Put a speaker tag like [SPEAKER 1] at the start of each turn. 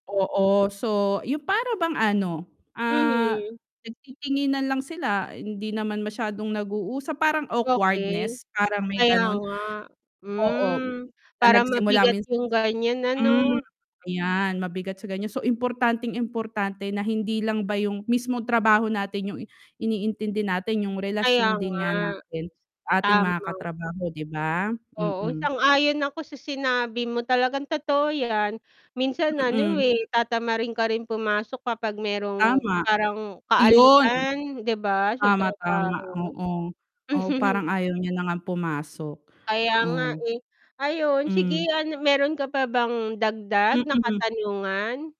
[SPEAKER 1] Oo. So, 'yong para bang ano, ah,
[SPEAKER 2] Mhm.
[SPEAKER 1] nagtitinginan lang sila. Hindi naman masyadong nag-uusap. Parang
[SPEAKER 2] Okey.
[SPEAKER 1] awkwardness, parang may
[SPEAKER 2] Kaya
[SPEAKER 1] gano'n.
[SPEAKER 2] nga.
[SPEAKER 1] Oo,
[SPEAKER 2] Hmm,
[SPEAKER 1] na
[SPEAKER 2] parang
[SPEAKER 1] nagsimula
[SPEAKER 2] mabigat
[SPEAKER 1] min
[SPEAKER 2] 'yong ganiyan,
[SPEAKER 1] hmm.
[SPEAKER 2] ano.
[SPEAKER 1] 'Yan mabigat sa ganiyan. So, importanteng importante na hindi lang ba 'yong, mismong trabaho natin 'yong i iniintindi natin. 'Yong
[SPEAKER 2] Kaya
[SPEAKER 1] relasyon
[SPEAKER 2] nga.
[SPEAKER 1] din nga natin sa ating mga
[SPEAKER 2] Tama.
[SPEAKER 1] katrabaho, 'di ba?
[SPEAKER 2] Oo,
[SPEAKER 1] Mm.
[SPEAKER 2] sang-ayon ako sa sinabi mo, talagang totoo 'yan. Minsan ano,
[SPEAKER 1] Mm.
[SPEAKER 2] eh, tatamarin ka rin pumasok kapag mayrong
[SPEAKER 1] Tama.
[SPEAKER 2] parang
[SPEAKER 1] Iyon!
[SPEAKER 2] kaalitan, 'di ba, sa
[SPEAKER 1] Tama, tama,
[SPEAKER 2] trabaho?
[SPEAKER 1] oo. Oh, parang ayaw niya na ngang pumasok.
[SPEAKER 2] Kaya nga,
[SPEAKER 1] Oh.
[SPEAKER 2] eh. Ayun
[SPEAKER 1] Hmm.
[SPEAKER 2] sige, ano mayro'n ka pa bang dagdag na
[SPEAKER 1] Mm.
[SPEAKER 2] katanungan?